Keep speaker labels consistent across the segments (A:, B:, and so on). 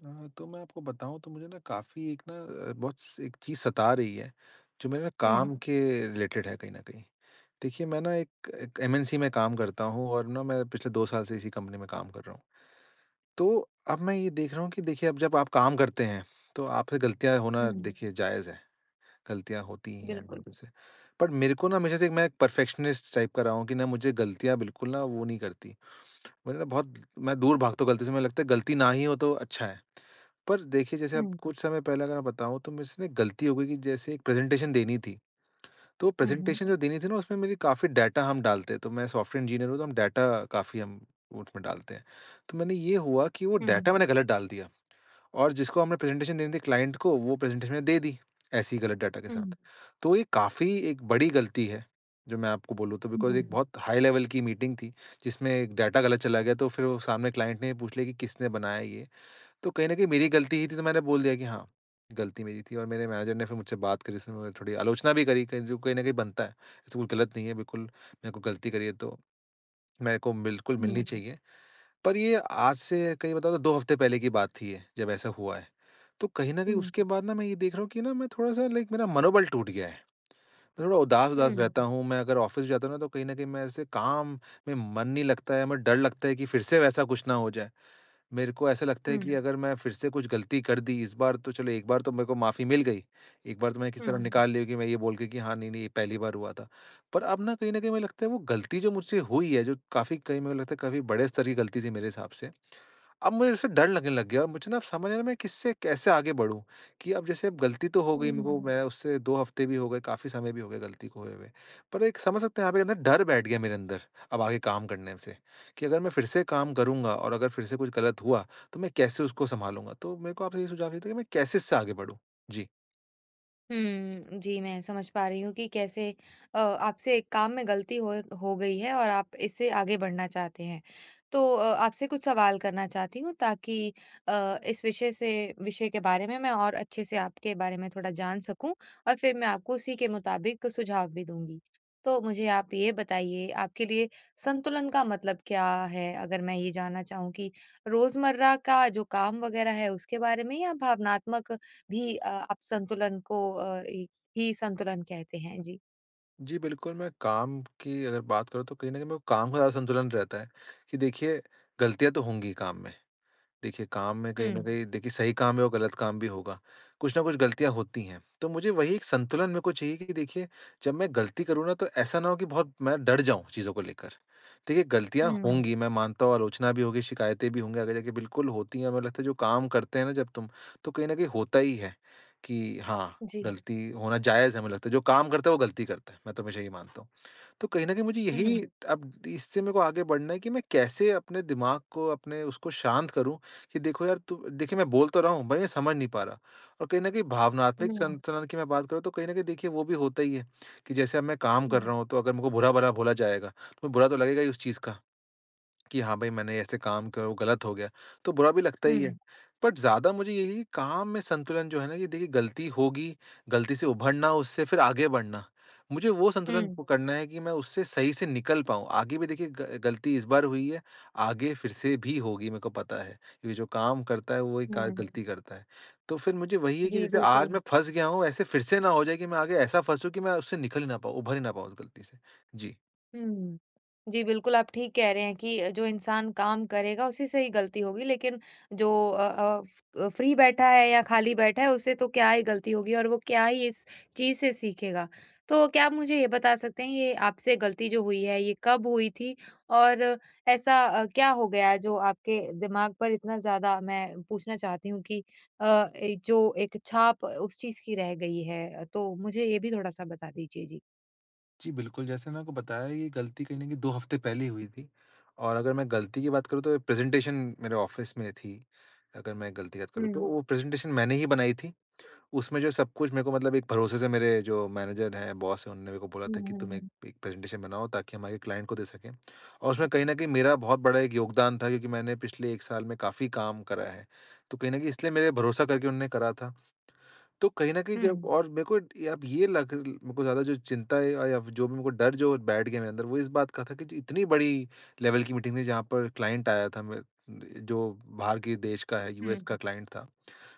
A: अ, तो मैं आपको बताऊँ तो मुझे ना काफ़ी एक ना बहुत स एक चीज़ सता रही है जो मेरे
B: हुँ।
A: काम के रिलेटेड है कहीं न कहीं। देखिए मैं ना एक एक एमएनसी में काम करता हूँ और ना मैं पिछले 2 साल से इसी कंपनी में काम कर रहा हूँ। तो अब मैं ये देख रहा हूँ कि देखिए अब जब आप काम करते हैं तो आपसे गलतियाँ होना
B: हुँ।
A: देखिए जायज़ है। गलतियाँ होती ही हैं
B: बिल्कुल।
A: बंदे से पर मेरे को ना हमेशा से मैं एक परफ़ेक्शनिस्ट टाइप का रहा हूँ कि ना मुझे गलतियाँ बिल्कुल ना वो नहीं करतीं मतलब बहुत, मैं दूर भागता हूँ गलती से मुझे लगता है गलती ना ही हो तो अच्छा है। पर देखिए जैसे अब
B: हुँ।
A: कुछ समय पहले अगर मैं बताऊँ तो मेरे से ना एक गलती हो गई कि जैसे एक प्रेज़ेंटेशन देनी थी। तो
B: हुँ, हुँ।
A: प्रेज़ेंटेशन जो देनी थी ना उसमें मेरी काफ़ी डेटा हम डालते हैं, तो मैं सॉफ्टवेयर इंजीनियर हूँ तो हम डेटा काफ़ी हम वो उसमें डालते हैं। तो मैंने ये हुआ कि वो
B: हुँ।
A: डेटा मैंने गलत डाल दिया और जिसको हमें प्रेज़ेंटेशन देनी थी क्लाइंट को वो प्रेज़ेंटेशन मैं दे दी, ऐसी ही गलत डेटा के
B: हुँ।
A: साथ। तो ये काफ़ी एक बड़ी गलती है, जो मैं आपको बोलूँ तो बिकॉज़ एक
B: हुँ।
A: बहुत हाई लेवल की मीटिंग थी जिसमें एक डेटा ग़लत चला गया तो फ़िर वो सामने क्लाइंट ने ये पूछ लिया कि किसने बनाया ये? तो कहीं न कहीं मेरी गलती ही थी तो मैंने बोल दिया कि हाँ, गलती मेरी थी और मेरे मैनेजर ने फ़िर मुझसे बात करी उसने मतलब थोड़ी आलोचना भी करी, कही जो कहीं न कहीं बनता है। ऐसा कुछ गलत नहीं है बिल्कुल, मैंने कोई गलती करी है तो, मेरे को बिल्कुल मिलनी
B: हुँ।
A: चाहिए। पर ये आज से कहीं बताऊँ तो 2 हफ़्ते पहले की बात थी ये, जब ऐसा हुआ है। तो कहीं न कहीं
B: हुँ।
A: उसके बाद ना मैं ये देख रहा हूँ कि ना मैं थोड़ा-सा लाइक मेरा मनोबल टूट गया है। मैं थोड़ा उदास-उदास
B: हुँ।
A: रहता हूँ, मैं अगर ऑफ़िस जाता हूँ ना तो कहीं न कहीं मेरे से काम में मन नहीं लगता है, म डर लगता है कि फ़िर से वैसा कुछ ना हो जाए। मेरे को ऐसा लगता है
B: हुँ।
A: कि अगर मैं फ़िर से कुछ गलती कर दी इस बार तो चलो, 1 बार तो मेरे को माफ़ी मिल गई। 1 बार तो मैंने किसी तरह
B: हुँ।
A: निकाल लिया कि मैं ये बोल के कि हाँ नहीं-नहीं ये पहली बार हुआ था। पर अब ना कहीं न कहीं मुझे लगता है वो गलती जो मुझसे हुई है जो काफ़ी कहीं मुझे लगता है काफ़ी बड़े स्तर की गलती थी मेरे हिसाब से। अब मुझे उससे डर लगने लग गया है और मुझे ना अब समझ में नी आ रहा किससे कैसे आगे बढ़ूँ कि अब जैसे गलती तो हो गई है
B: हुँ,
A: मेरे को
B: हुँ।
A: मैं उससे 2 हफ़्ते भी हो गए, काफ़ी समय भी हो गया गलती को होए हुए। पर एक समझ सकते हैं आप ये ना डर बैठ गया मेरे अंदर, अब आगे काम करने से, कि अगर मैं फ़िर से काम करूँगा और अगर फ़िर से कुछ गलत हुआ तो मैं कैसे उसको सँभालूँगा। तो मेरे को आपसे ये सुझाव चाहिए था कि मैं कैसे इससे आगे बढ़ूँ? जी।
B: हम्म। जी, मैं समझ पा रही हूँ कि कैसे अ आपसे एक काम में गलती होए हो गई है और आप इससे आगे बढ़ना चाहते हैं। तो अ आपसे कुछ सवाल करना चाहती हूँ ताकि अ, इस विषय से विषय के बारे में मैं और अच्छे से आपके बारे में थोड़ा जान सकूँ और फिर मैं आपको उसी के मुताबिक सुझाव भी दूँगी। तो मुझे आप ये बताइए आपके लिए संतुलन का मतलब क्या है? अगर मैं ये जानना चाहूँ कि रोज़मर्रा का जो काम वगैरह है उसके बारे में या भावनात्मक भी अ आप संतुलन को अ, इ ही संतुलन कहते हैं, जी।
A: जी बिल्कुल, मैं काम की अगर बात करूँ तो कहीं न कहीं मेरे को काम का ज़्यादा संतुलन रहता है कि देखिए, गलतियाँ तो होंगी ही काम में। देखिए काम में कहीं न
B: हुँ।
A: कहीं देखिए सही काम है और गलत काम भी होगा। कुछ ना कुछ गलतियाँ होती हैं। तो मुझे वही एक संतुलन मेरे को चाहिए कि देखिए जब मैं गलती करूँ ना तो ऐसा ना हो कि बहुत मैं डर जाऊँ चीज़ों को लेकर। देखिए गलतियाँ
B: हुँ।
A: होंगी मैं मानता हूँ आलोचना भी होगी शिकायतें भी होंगी। आगे जाके बिल्कुल होती है हमें लगता है जो काम करते हैं ना जब तुम तो कहीं न कहीं होता ही है की हाँ,
B: जी।
A: गलती होना जायज़ हमें लगता है। जो काम करता है वो गलती करता है। मैं तो हमेशा ये मानता हूँ। तो कहीं न कहीं मुझे यही
B: हुँ।
A: अब इससे मेरे को आगे बढ़ना है कि मैं कैसे अपने दिमाग को अपने उसको शांत करूँ कि देखो यार तु देखिए मैं बोल तो रहा हूँ मैं समझ नहीं पा रहा और कहीं न कहीं भावनात्मक
B: हुँ।
A: संतुलन की मैं बात करूँ तो कहीं न कहीं देखिए वो भी होता ही है, कि जैसे अब मैं काम कर
B: हुँ।
A: रहा हूँ तो अगर मेरे को बुरा भरा बोला जाएगा तो बुरा तो लगेगा ही उस चीज़ का। कि हाँ भाई मैंने ऐसे काम करा और वो गलत हो गया। तो बुरा भी लगता ही है।
B: हुँ।
A: बट ज़्यादा मुझे यही काम में संतुलन जो है ना ये देखिए गलती होगी, गलती से उभरना उससे फिर आगे बढ़ना। मुझे वो संतुलन
B: हुँ।
A: पकड़ना है कि मैं उससे सही से निकल पाऊँ। आगे भी देखिए गल गलती इस बार हुई है आगे फिर से भी होगी मेरे को पता है। ये जो काम करता है वही क
B: हुँ।
A: गलती करता है। तो फिर मुझे वही है कि
B: जी,
A: जैसे आज
B: बिल्कुल।
A: मैं फँस गया हूँ ऐसे फिर से ना हो जाए कि मैं आगे ऐसा फँसू कि मैं उससे निकल ही ना पाऊँ उभर ही ना पाऊँ उस गलती से, जी।
B: हुँ। जी बिल्कुल, आप ठीक कह रहे हैं कि जो इंसान काम करेगा उसी से ही गलती होगी, लेकिन जो अ अ अ, फ्री बैठा है या खाली बैठा है उससे तो क्या ही गलती होगी और वो क्या ही इस चीज़ से सीखेगा। तो क्या आप मुझे ये बता सकते हैं ये आपसे गलती जो हुई है ये कब हुई थी? और ऐसा अ, क्या हो गया है जो आपके दिमाग पर इतना ज़्यादा मैं पूछना चाहती हूँ कि अ, एक जो एक छाप उस चीज़ की रह गई है? तो मुझे ये भी थोड़ा-सा बता दीजिए? जी।
A: जी, बिल्कुल, जैसे मैंने आपको बताया ये गलती कहीं न कहीं 2 हफ्ते पहले ही हुई थी, और अगर मैं गलती की बात करूँ तो ये प्रेजेंटेशन मेरे ऑफ़िस में थी, अगर मैं गलती की बात करूँ तो
B: हुँ।
A: वो प्रेजेंटेशन मैंने ही बनाई थी। उसमें जो सब कुछ मेरे को मतलब एक भरोसे से मेरे जो मैनेजर है बॉस है उन्होंने मेरे को बोला
B: हुँ,
A: था कि,
B: हुँ,
A: "तुम एक
B: हुँ।
A: एक प्रेजेंटेशन बनाओ ताकि हमारे क्लाइंट को दे सकें।" और उसमें कहीं न कहीं मेरा बहुत बड़ा एक योगदान था क्योंकि मैंने पिछले 1 साल में काफ़ी काम करा है। तो कहीं न कहीं इसलिए मेरे भरोसा करके उन्होंने करा था। तो कहीं न कहीं जब
B: हुँ।
A: और मेरे को ये लग मेरे को ज़्यादा जो चिंता है या जो भी मेरे को डर जो बैठ गया मेरे अंदर वो इस बात का था की इतनी बड़ी लेवल की मीटिंग थी जहाँ पर क्लाइंट आया था म अ, जो बाहर के देश का है यूएस
B: हुँ।
A: का क्लाइंट था।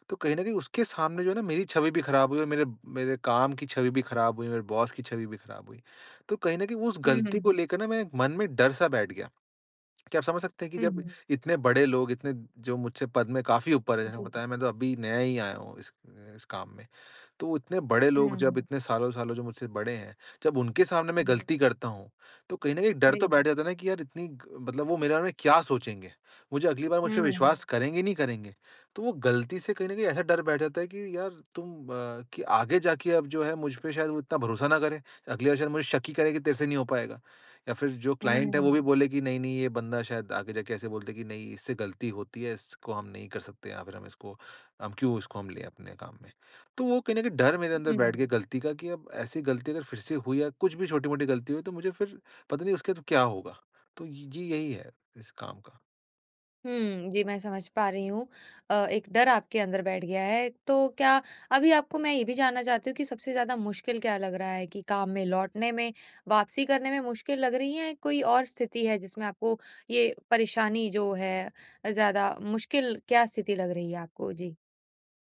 A: तो कहीं न कहीं उसके सामने जो है ना, मेरी छवि भी ख़राब हुई और मेरे मेरे काम की छवि भी ख़राब हुई मेरे बॉस की छवि भी ख़राब हुई, तो कहीं न कहीं उस
B: हुँ,
A: गलती
B: हुँ।
A: को लेके ना मेरे मन में डर-सा बैठ गया, क्या आप समझ सकते हैं कि
B: हुँ,
A: जब
B: हुँ।
A: इतने बड़े लोग इतने जो मुझसे पद में काफ़ी ऊपर है, जैसे
B: जी।
A: बताया मैं तो अभी नया ही आया हूँ इस इस काम में। तो इतने बड़े लोग
B: हाँ।
A: जब इतने सालों-सालों जब मुझसे बड़े हैं जब उनके सामने मैं
B: हुँ।
A: गलती करता हूँ तो कहीं न कहीं डर तो
B: जी।
A: बैठ जाता है ना की यार इतनी ग मतलब वो मेरे बारे में क्या सोचेंगे? मुझे अगली बार मुझपे
B: हाँ।
A: विश्वास करेंगे नहीं करेंगे? तो वो गलती से कहीं न कहीं ऐसा डर बैठ जाता है कि यार तुम अ, आगे जाके अब जो है मुझ पे शायद वो इतना भरोसा ना करे। अगली बार शायद मुझे शक ही करेगी तेरे से नहीं हो पाएगा, या फिर जो
B: हाँ,
A: क्लाइंट है वो
B: हाँ।
A: भी बोले कि नहीं, नहीं, ये बंदा शायद आगे जाके ऐसे बोल दे की नहीं, इससे गलती होती है इसको हम नहीं कर सकते या फिर हम इसको क्यों इसको हम ले अपने काम में। तो वो कही न कही डर मेरे अंदर बैठ
B: हुँ।
A: गई गलती का की अब ऐसी गलती अगर फिर से हुई या कुछ भी छोटी-मोटी गलती हुई तो मुझे फिर पता नहीं उसके बाद क्या होगा? तो ये यही है इस काम का।
B: हुँ। जी, मैं समझ पा रही हूँ। अ, एक डर आपके अंदर बैठ गया है। तो क्या अभी आपको मैं ये भी जानना चाहती हूँ कि सबसे ज़्यादा मुश्किल क्या लग रहा है? कि काम में लौटने में, वापसी करने में मुश्किल लग रही है। या कोई और स्थिति है जिसमें आपको ये परेशानी जो है ज़्यादा मुश्किल क्या स्थिति लग रही है आपको? जी।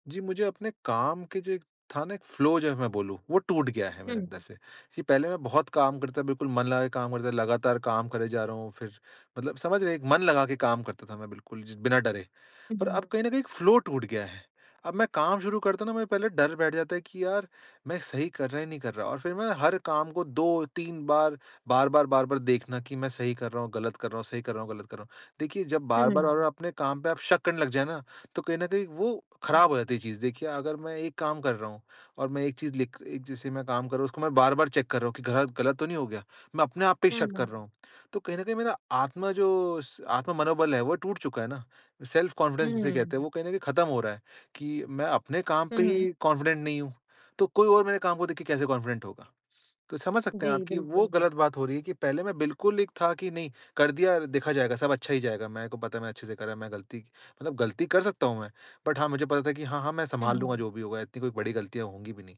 A: जी, मुझे अपने काम के जो एक था ना एक फ्लो जो हैं मैं बोलूँ, वो टूट गया है मेरे
B: हुँ।
A: अंदर से कि पहले मैं बहुत काम करता था, बिल्कुल मन लगा के काम करता था। लगातार काम करे जा रहा हूँ फ़िर मतलब समझ रहे हैं एक मन लगा के काम करता था मैं बिल्कुल ज बिना डरे।
B: हुँ,
A: पर
B: हुँ।
A: अब कहीं न कहीं एक फ्लो टूट गया है। अब मैं काम शुरू करता हूँ ना, मुझे पहले डर बैठ जाता है कि यार मैं सही कर रहा या नहीं कर रहा। और फ़िर मैं हर काम को 2-3 बार, बार-बार, बार-बार देखना कि मैं सही कर रहा हूँ, गलत कर रहा हूँ सही कर रहा हूँ, गलत कर रहा हूँ। देखिए, जब बार-बार,
B: हुँ।
A: बार-बार अपने काम पे आप शक करने लग जाए ना, तो कहीं न कहीं वो
B: हुँ।
A: ख़राब हो जाती है चीज़। देखिए, अगर मैं एक काम कर रहा हूँ और मैं एक चीज़ लिख एक जैसे मैं काम कर रहा हूँ उसको मैं बार-बार चेक कर रहा हूँ कि गलत गलत तो नहीं हो गया। मैं अपने आप पे ही
B: हुँ,
A: शक कर
B: हुँ।
A: रहा हूँ। तो कहीं न कहीं मेरा आत्मा जो स आत्म-मनोबल है वो टूट चुका है ना।
B: हुँ,
A: सेल्फ़-कॉन्फिडेंस जिसे
B: हुँ।
A: कहते हैं वो कहीं न कहीं ख़त्म हो रहा है कि मैं अपने काम
B: हुँ,
A: पे
B: हुँ।
A: ही कॉन्फिडेंट नहीं हूँ। तो कोई और मेरे काम को देख के कैसे कॉन्फिडेंट होगा। तो समझ सकते हैं आप
B: जी,
A: की वो
B: बिल्कुल।
A: गलत बात हो रही है कि पहले मैं बिल्कुल एक था कि नहीं कर दिया, देखा जाएगा सब अच्छा ही जाएगा मेरे को पता है मैं अच्छे से करा है, मैं गलती मतलब गलती कर सकता हूँ मैं। बट हाँ, मुझे पता था कि हाँ-हाँ मैं
B: हुँ,
A: सँभाल
B: हुँ।
A: लूँगा जो भी होगा इतनी कोई बड़ी गलतियाँ होंगी भी नहीं।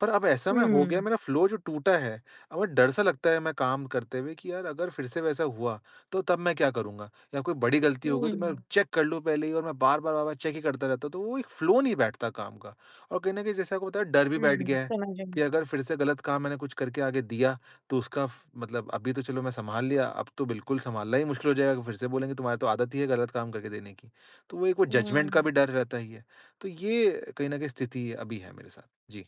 A: पर अब ऐसा मैं हो गया
B: हुँ।
A: मेरा फ्लो जो टूटा है अब वो डर-सा लगता है मैं काम करते हुए कि यार अगर फ़िर से वैसा हुआ तो तब मैं क्या करूँगा? या कोई बड़ी गलती हो गई तो मैं
B: हुँ।
A: चेक कर लूँ पहले ही और मैं बार-बार, बार-बार वो चेक ही करता रहता हूँ। तो वो एक फ्लो नहीं बैठता काम का। और कहीं न कहीं, जैसे आपको पता है, डर भी बैठ
B: हुँ,
A: गया है
B: समझ रही
A: कि
B: हूँ।
A: अगर फ़िर से गलत काम मैंने कुछ करके आगे दिया। तो उसका फ़ मतलब अभी तो चलो मैं सँभाल लिया, अब तो बिल्कुल सँभालना ही मुश्किल हो जाएगा कि फ़िर से बोलेंगे, तुम्हारी तो आदत ही है गलत काम करके देने की। तो वो एक वो
B: उ,
A: जजमेंट का
B: हुँ।
A: भी डर रहता ही है। तो ये कहीं न कहीं स्थिति अभी है मेरे साथ। जी।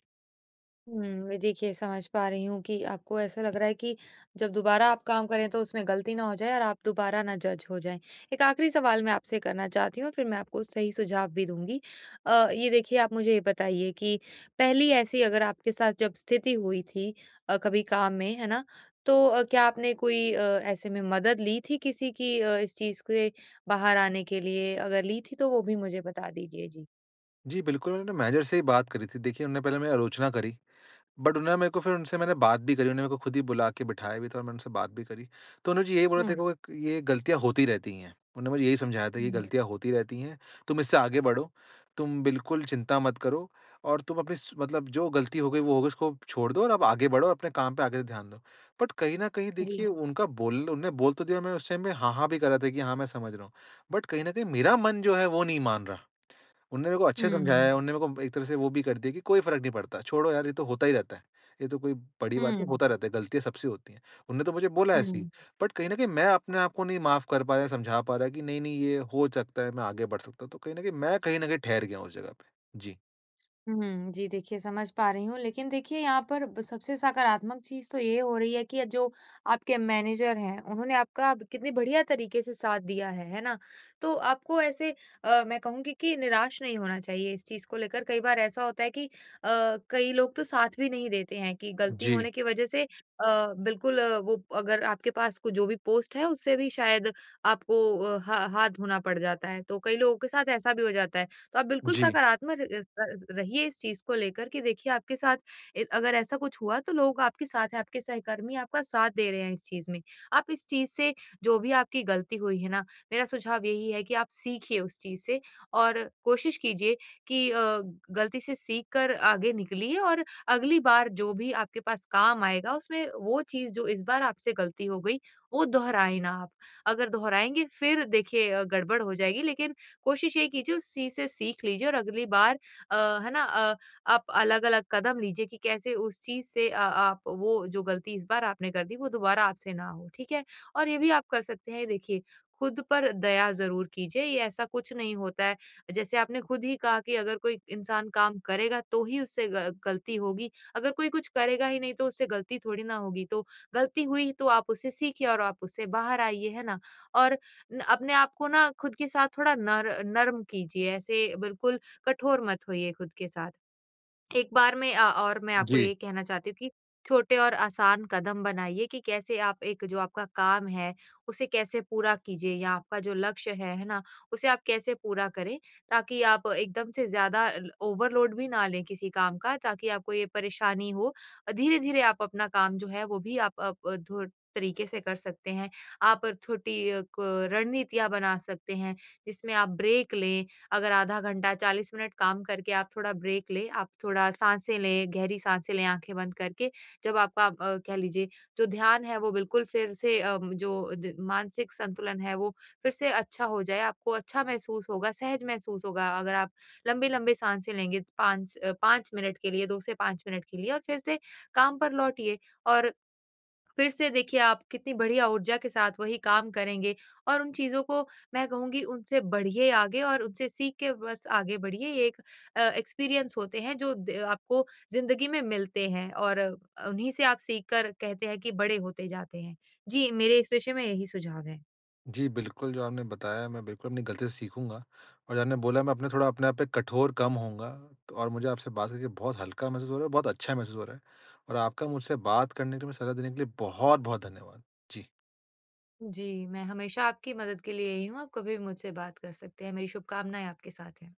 B: हुँ, व देखिए समझ पा रही हूँ कि आपको ऐसा लग रहा है कि जब दोबारा आप काम करें तो उसमें गलती ना हो जाए और आप दोबारा ना जज हो जाएँ, 1 आखिरी सवाल मैं आपसे करना चाहती हूँ और फिर मैं आपको सही सुझाव भी दूँगी। अ, ये देखिए आप मुझे ये बताइए कि पहली ऐसी अगर आपके साथ जब स्थिति हुई थी अ, कभी काम में, है ना? तो अ, क्या आपने कोई अ, ऐसे में अ, मदद ली थी किसी की अ, इस चीज़ के बाहर आने के लिए? अगर ली थी तो वो भी मुझे बता दीजिए? जी।
A: जी, बिल्कुल, मैंने मैनेजर से ही बात करी थी देखिए उन्होंने पहले मेरी आलोचना करी, बट उन्होंने मेरे को फिर उनसे मैंने बात भी करी उन्होंने मेरे को खुद ही बुला के बिठाया भी था और मैंने उनसे बात भी करी। तो उन्होंने मुझे यही बोला था
B: हुँ।
A: देखो एक ये गलतियाँ होती रहती हैं। उन्होंने मुझे यही समझाया था
B: हुँ।
A: गलतियाँ होती रहती है, तुम इससे आगे बढ़ो, तुम बिल्कुल चिंता मत करो और तुम अपनी स मतलब जो गलती हो गई वो होगी उसको छोड़ दो और आप आगे बढ़ो और अपने काम पे आगे से ध्यान दो। बट कहीं न कहीं देखिए
B: जी।
A: उनका बोल उन्होंने बोल तो दिया मैंने उस टाइम में हाँ, हाँ, भी कर रहा था कि हाँ मैं समझ रहा हूँ। बट कहीं न कहीं मेरा मन जो है वो नहीं मान रहा। उन्होंने मेरे को अच्छे समझाया
B: हुँ।
A: है उन्होंने मेरे को एक तरह से वो भी कर दिया की कोई फर्क नहीं पड़ता, छोड़ो यार ये तो होता ही रहता है, ये तो कोई बड़ी बात नहीं
B: हुँ।
A: होता रहता है गलतियाँ सबसे होती है, उन्होंने तो मुझे बोला ऐसे ही।
B: हुँ।
A: बट कहीं न कहीं मैं अपने आपको नहीं माफ नहीं कर पा रहा है, समझा पा रहा है की नहीं, नहीं ये हो सकता है मैं आगे बढ़ सकता हूँ। तो कहीं न कहीं मैं कहीं न कहीं ठहर गया हूँ उस जगह पे। जी।
B: हुँ, जी, देखिए समझ पा रही हूँ लेकिन देखिए यहाँ पर ब सबसे सकारात्मक चीज़ तो ये हो रही है कि अ, जो आपके मैनेजर हैं, उन्होंने आपका ब कितनी बढ़िया तरीके से साथ दिया है, है ना? तो आपको ऐसे अ, मैं कहूँगी कि निराश नहीं होना चाहिए इस चीज़ को लेकर कई बार ऐसा होता है कि अ, कई लोग तो साथ भी नहीं देते हैं कि गलती
A: जी।
B: होने की वजह से अ, बिल्कुल अ, वो अगर आपके पास क जो भी पोस्ट है उसे भी शायद आपको अ, ह हाथ धोना पड़ जाता है। तो कई लोगों के साथ ऐसा भी हो जाता है, तो आप बिल्कुल
A: जी।
B: सकारात्मक इस त स रहिए इस चीज़ को लेकर कि देखिए आपके साथ इ अगर ऐसा कुछ हुआ तो लोग आपके साथ है आपके सहकर्मी आपका साथ दे रहे हैं इस चीज़ में। आप इस चीज़ से जो भी आपकी गलती हुई है ना मेरा सुझाव यही है कि आप सीखिए उस चीज़ से और कोशिश कीजिए कि अ, गलती से सीख कर आगे निकलिए और अगली बार जो भी आपके पास काम आएगा उसमें वो चीज़ जो इस बार आपसे गलती हो गई, वो दोहराए ना आप। अगर दोहराएँगे फिर देखिए अ, गड़बड़ हो जाएगी लेकिन कोशिश यही कीजिए उस चीज़ से सीख लीजिए और अगली बार अ, है ना अ, आप अलग-अलग कदम लीजिए कि कैसे उस चीज़ से अ आप वो जो गलती इस बार आपने कर दी वो दोबारा आपसे ना हो, ठीक है? और ये भी आप कर सकते हैं देखिए, खुद पर दया ज़रूर कीजिए ये ऐसा कुछ नहीं होता है, जैसे आपने खुद ही कहा कि अगर कोई इंसान काम करेगा तो ही उससे ग गलती होगी, अगर कोई कुछ करेगा ही नहीं तो उससे गलती थोड़ी ना होगी, तो गलती हुई तो आप उससे सीखिए और आप उससे बाहर आइए, है ना? और न अपने आप को ना खुद के साथ थोड़ा नर नर्म कीजिए ऐसे बिल्कुल कठोर मत होइए खुद के साथ। एक बार में अ और मैं आपको
A: जी।
B: ये कहना चाहती हूँ कि छोटे और आसान कदम बनाइए कि कैसे आप एक जो आपका काम है, उसे कैसे पूरा कीजिए या आपका जो लक्ष्य है, है ना? उसे आप कैसे पूरा करें ताकि आप एकदम से ज़्यादा ल ओवरलोड भी ना लें किसी काम का ताकि आपको ये परेशानी हो अ, धीरे-धीरे आप अपना काम जो है वो भी आप आप धुर तरीके से कर सकते हैं। आप छोटी अ, क रणनीतियाँ बना सकते हैं, जिसमें आप ब्रेक लें अगर आधा घंटा 40 मिनट काम करके आप थोड़ा ब्रेक लें, आप थोड़ा साँसें लें गहरी साँसें लें आँखें बंद करके, जब आपका आप अ, कह लीजिए जो ध्यान है वो बिल्कुल फिर से उम, जो द मानसिक संतुलन है वो फिर से अच्छा हो जाए आपको अच्छा महसूस होगा, सहज महसूस होगा अगर आप लंबी-लंबी साँसें लेंगे 5 अ, 5 मिनट के लिए 2 से 5 मिनट के लिए और फिर से काम पर लौटिए, और फिर से देखिए आप कितनी बढ़िया ऊर्जा के साथ वही काम करेंगे, और उन चीज़ों को मैं कहूँगी उनसे बढ़िए आगे और उनसे सीख के बस आगे बढ़िए ये एक अ, एक्सपीरियंस होते हैं जो द आपको ज़िंदगी में मिलते हैं, और उन्हीं से आप सीख कर कहते हैं कि बड़े होते जाते हैं। जी, मेरे इस विषय में यही सुझाव है।
A: जी, बिल्कुल, जो आपने बताया मैं बिल्कुल अपनी गलतियों से सीखूँगा। और जो आपने बोला मैं थोड़ा अपने आप पे कठोर कम होऊँगा और मुझे आपसे बात करके बहुत हल्का महसूस हो रहा है और बहुत अच्छा महसूस हो रहा है। और आपका मुझसे बात करने के लिए, मुझे सलाह देने के लिए बहुत-बहुत धन्यवाद। जी।
B: जी, मैं हमेशा आपकी मदद के लिए यही हूँ आप कभी मुझसे बात कर सकते हैं मेरी शुभकामनाएँ आपके साथ हैं।